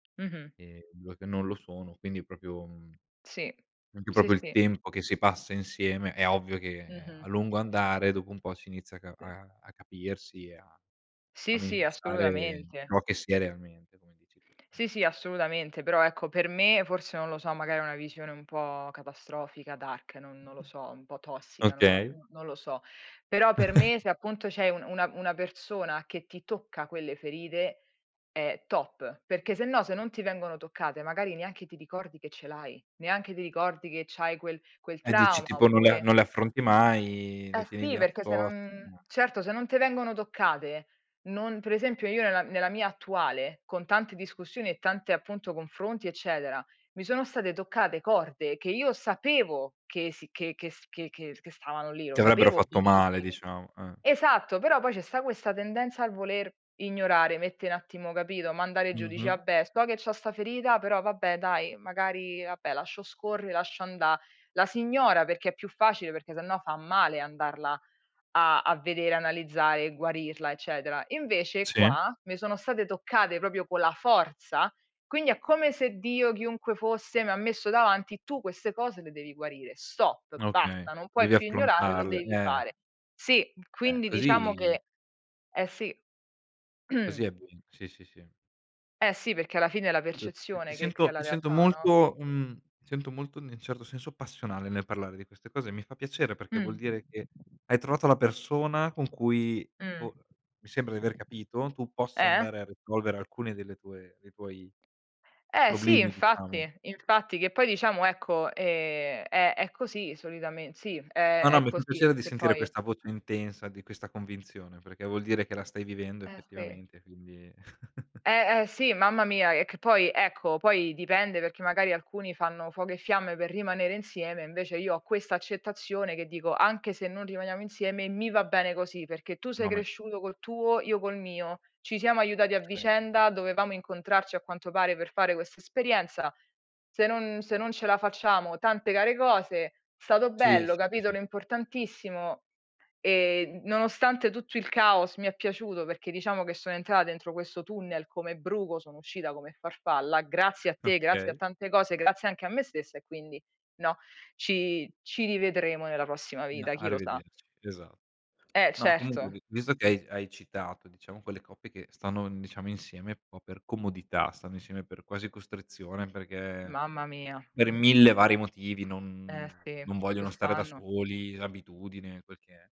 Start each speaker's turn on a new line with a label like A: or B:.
A: Mh-mh.
B: Ehm, 2 che non lo sono, quindi proprio, mhmm,
A: Sì,
B: anche
A: sì,
B: proprio il
A: sì.
B: tempo che si passa insieme, è ovvio che, ehm, a
A: Mh-mh.
B: lungo andare dopo un po' si inizia a ca
A: Sì.
B: a a capirsi e a a
A: Sì, sì,
B: manifestare
A: assolutamente.
B: ciò che si è realmente come dici tu.
A: Sì, sì, assolutamente. Però, ecco, per me forse non lo so, magari è una visione un po' catastrofica, dark, no non lo so, un po' tossica, non lo
B: Okay.
A: non lo so. Però, per me se appunto c'è un una una persona che ti tocca quelle ferite è top, perché sennò se non ti vengono toccate magari neanche ti ricordi che ce l'hai, neanche ti ricordi che c'hai quel quel
B: E dici
A: trauma
B: tipo: "Non le a
A: oppure
B: non le affronti mai, le
A: Eh,
B: tieni
A: sì,
B: lì a
A: perché se
B: poste
A: non
B: ma"
A: certo se non te vengono toccate, non per esempio, io nella nella mia attuale con tante discussioni e tante appunto confronti eccetera, mi sono state toccate corde che io sapevo che sì che che s che che che stavano lì,
B: Ti
A: lo
B: avrebbero
A: sapevo
B: fatto male
A: benissimo.
B: diciamo, eh.
A: Esatto. Però, poi ci sta questa tendenza al voler ignorare, mettere un attimo, capito, mandare giù, dici:
B: Mh-mh.
A: "Vabbè, so che c'ho sta ferita, però vabbè dai, magari vabbè lascio scorre, lascio anda" La si ignora perché è più facile, perché sennò fa male andarla a a vedere, analizzare e guarirla eccetera. Invece
B: Sì.
A: qua, mi sono state toccate proprio con la forza, quindi è come se Dio chiunque fosse mi ha messo davanti: "Tu queste cose le devi guarire. Stop!
B: Okay.
A: Basta! Non puoi
B: Devi
A: più ignorare, lo
B: affrontarle,
A: devi
B: eh.
A: fare." Sì.
B: Ehm,
A: Quindi diciamo
B: così
A: che eh, sì.
B: così è bene. Sì, sì, sì.
A: Eh, sì. Perché alla fine è la
B: [unintelligible] ti
A: percezione che crea
B: sento
A: la
B: ti sento
A: realtà, no?
B: molto mhmm, ti sento molto in nel certo senso passionale nel parlare di queste cose, mi fa piacere perché
A: Mh.
B: vuol dire che hai trovato la persona con cui
A: Mh.
B: po mi sembra di aver capito, tu possa
A: Eh?
B: andare a risolvere alcune delle tue dei tuoi
A: Eh, sì,
B: problemi, diciamo.
A: infatti, infatti. Che poi diciamo, ecco, ehm, è è così solitamen sì, è
B: Ah, no.
A: è
B: Mi fa
A: così.
B: piacere di
A: Che
B: sentire
A: poi
B: questa voce intensa, di questa convinzione, perché vuol dire che la stai vivendo
A: Eh, sì.
B: effettivamente quindi
A: Eh, eh, sì, mamma mia, e che poi, ecco, poi dipende perché magari alcuni fanno fuoco e fiamme per rimanere insieme, invece io ho questa accettazione che dico: "Anche se non rimaniamo insieme mi va bene così, perché tu sei
B: No, ma è
A: cresciuto col tuo, io col mio. Ci siamo aiutati a vicenda, dovevamo incontrarci a quanto pare per fare questa esperienza, se non se non ce la facciamo tante care cose, è stato
B: Sì,
A: bello,
B: sì, sì, sì.
A: capitolo importantissimo e nonostante tutto il caos mi è piaciuto perché diciamo che sono entrata dentro questo tunnel come bruco, sono uscita come farfalla, grazie a te, grazie a
B: Okay.
A: tante cose, grazie anche a me stessa e quindi" no, "Ci ci rivedremo nella prossima
B: No,
A: vita, chi lo sa."
B: arrivederci, esa
A: Eh,
B: no, comunque
A: certo.
B: vi visto che hai hai citato diciamo quelle coppie che stanno, mhmm, diciamo insieme un po' per comodità, stanno insieme per quasi costrizione perché
A: Mamma mia.
B: per 1000 vari motivi
A: Eh,
B: non
A: sì,
B: non vogliono stare da
A: quest'anno.
B: soli, l'abitudine quel che è.